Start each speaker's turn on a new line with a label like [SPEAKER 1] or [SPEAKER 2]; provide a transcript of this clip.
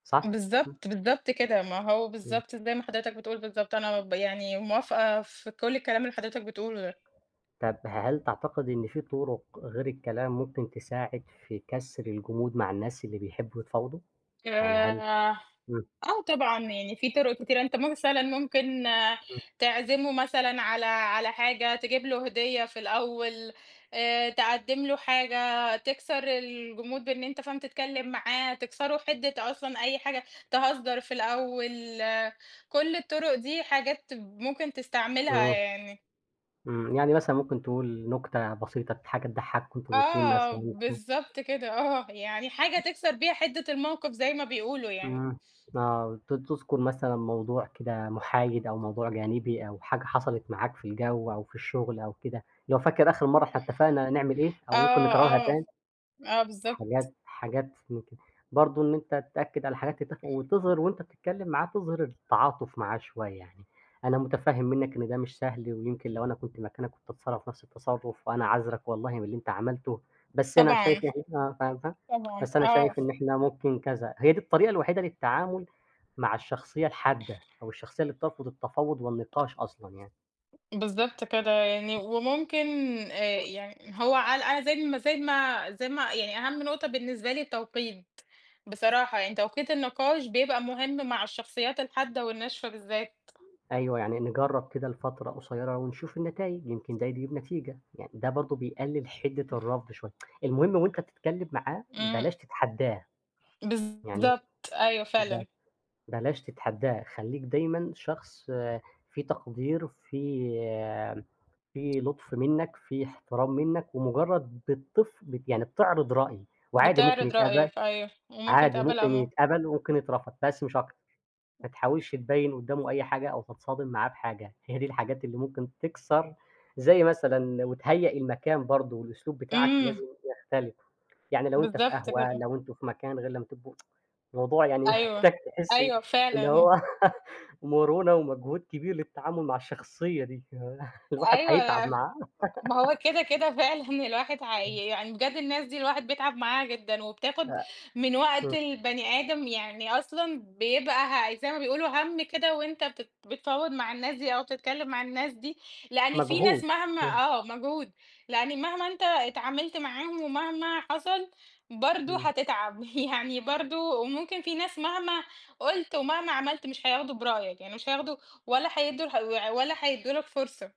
[SPEAKER 1] صح؟ إمم.
[SPEAKER 2] بالضبط، بالضبط كده، ما هو
[SPEAKER 1] إمم.
[SPEAKER 2] بالضبط زي ما حضرتك بتقول بالضبط أنا ب يعني موافقة في كُل الكلام اللي حضرتك بتقُوله ده.
[SPEAKER 1] طب ه هل تعتقدي إن في طُرق غير الكلام ممكن تساعد في كسر الجمود مع الناس اللي بيحبوا يتفاوضوا؟ يعني هل
[SPEAKER 2] آآ،
[SPEAKER 1] إمم.
[SPEAKER 2] آه طبعًا، يعني في طُرق كتيرة، أنت مثلًا ممكن
[SPEAKER 1] إمم.
[SPEAKER 2] تعزمه مثلًا على على حاجة، تجيب له هديّة في الأول، آآ، تقدّم له حاجة تكسر الجمود بإن أنت فاهم تتكلم معاه، تكسروا حِدّة أصلًا أي حاجة، تهزر في الأول، كُلّ الطُرق دي حاجات ممكن تستعملها
[SPEAKER 1] إمم.
[SPEAKER 2] يعني.
[SPEAKER 1] إمم، يعني مثلًا ممكن تقول نكتة بسيطة ت حاجة تضحّكوا أنتم الاتنين
[SPEAKER 2] آه،
[SPEAKER 1] مثلًا، إمم.
[SPEAKER 2] بالضبط كده آه، يعني حاجة تكسر بيها حِدّة الموقِف زي ما بيقولوا يعني.
[SPEAKER 1] إمم، آه ت تُذكر مثلًا موضوع كده محايد أو موضوع جانبي أو حاجة حصلت معاك في الجو أو في الشغل أو كده، لو فاكر آخر مَرّة إحنا اتفقنا نعمل إيه
[SPEAKER 2] آه،
[SPEAKER 1] أو ممكن نكررها
[SPEAKER 2] آه،
[SPEAKER 1] تاني،
[SPEAKER 2] آه بالضبط.
[SPEAKER 1] حاجات حاجات من كده، برضه إن أنت تأكّد على حاجات تتفقوا وتظهِر وأنت بتتكلم معاه تظهِر التعاطف معاه شوية، يعني أنا متفهّم مِنّك إن ده مش سهل، ويمكن لو أنا كنت مكانك كنت هاتصرّف نَفس التصرف، وأنا عاذرك والله من اللي أنت عملته، بس أنا
[SPEAKER 2] طبعًا،
[SPEAKER 1] شايف إن إحنا فاهم فا
[SPEAKER 2] طبعًا،
[SPEAKER 1] بس أنا
[SPEAKER 2] آه.
[SPEAKER 1] شايف إن إحنا ممكن كذا، هي دي الطريقة الوحيدة للتعامل مع الشخصية الحادة أو الشخصية اللي بترفض التفاوض والنقاش أصلًا يعني.
[SPEAKER 2] بالضبط كده يعني، وممكن آآ
[SPEAKER 1] إمم.
[SPEAKER 2] يعني هو عل أ زي ما زي ما زي ما يعني أهم نقطة بالنسبة لي التوقيت، بصراحة يعني توقيت النقاش بيبقى مُهم مع الشخصيات الحادة والناشفة بالذات.
[SPEAKER 1] أيوه يعني نجرّب كده لفترة قصيرة ونشوف النتايج، يمكن ده يجيب نتيجة، يعني ده برضه بيقلل حِدّة الرفض شوية، المهم وأنت بتتكلم معاه
[SPEAKER 2] إمم.
[SPEAKER 1] بلاش تتحدّاه، يعني
[SPEAKER 2] بالضبط، أيوة
[SPEAKER 1] ب
[SPEAKER 2] فعلًا.
[SPEAKER 1] بلاش تتحدّاه، خلّيك دايمًا شخص فيه تقدير فيه فيه لطف مِنّك فيه احترام مِنّك، ومجرد بتطف يعني بتعرض رأي وعادي ممكن
[SPEAKER 2] بتعرض
[SPEAKER 1] يتقبل
[SPEAKER 2] رأيك أيوه، وممكن
[SPEAKER 1] عادي
[SPEAKER 2] يتقبل
[SPEAKER 1] ممكن
[SPEAKER 2] عمو
[SPEAKER 1] يتقبل وممكن يترفض بس مش أكتر، ما تحاولش تبيّن قدّامه أي حاجة أو تتصادم معاه بحاجة. هي دي الحاجات اللي ممكن تكسر زي مثلًا وتهيأ المكان برضه، والأسلوب بتاعك
[SPEAKER 2] إمم.
[SPEAKER 1] لازم يختلف، يعني لو أنت في
[SPEAKER 2] بالضبط
[SPEAKER 1] قهوة
[SPEAKER 2] كده.
[SPEAKER 1] لو أنتم في مكان غير لمّا تبقوا الموضوع يعني
[SPEAKER 2] أيوه،
[SPEAKER 1] محتاج تحسّي
[SPEAKER 2] أيوه
[SPEAKER 1] إن
[SPEAKER 2] فعلًا.
[SPEAKER 1] هو مرونة ومجهود كبير للتعامل مع الشخصية دي، الواحد هيتعب
[SPEAKER 2] أيوه
[SPEAKER 1] معاه.
[SPEAKER 2] ما هو كده كده فعلًا الواحد
[SPEAKER 1] إمم.
[SPEAKER 2] هي يعني بجد الناس دي الواحد بيتعب معاها جدًا
[SPEAKER 1] أ
[SPEAKER 2] وبتاخد من وقت
[SPEAKER 1] إمم.
[SPEAKER 2] البني آدم، يعني أصلًا بيبقى ه زي ما بيقولوا هَمّ كده وأنت بتت بتفاوض مع الناس دي أو تتكلم مع الناس دي، لأن في ناس
[SPEAKER 1] مجهود،
[SPEAKER 2] مهما
[SPEAKER 1] آه.
[SPEAKER 2] آه مجهود، لأن مهما أنت اتعاملت معاهم ومهما حصل برضه
[SPEAKER 1] إمم.
[SPEAKER 2] هتتعب، يعني برضه وممكن فيه ناس مهما قُلت ومهما عملت مش هياخدوا برأيك، يعني مش هياخدوا ولا هيدّو لح و ولا هيدّوا لك فرصة.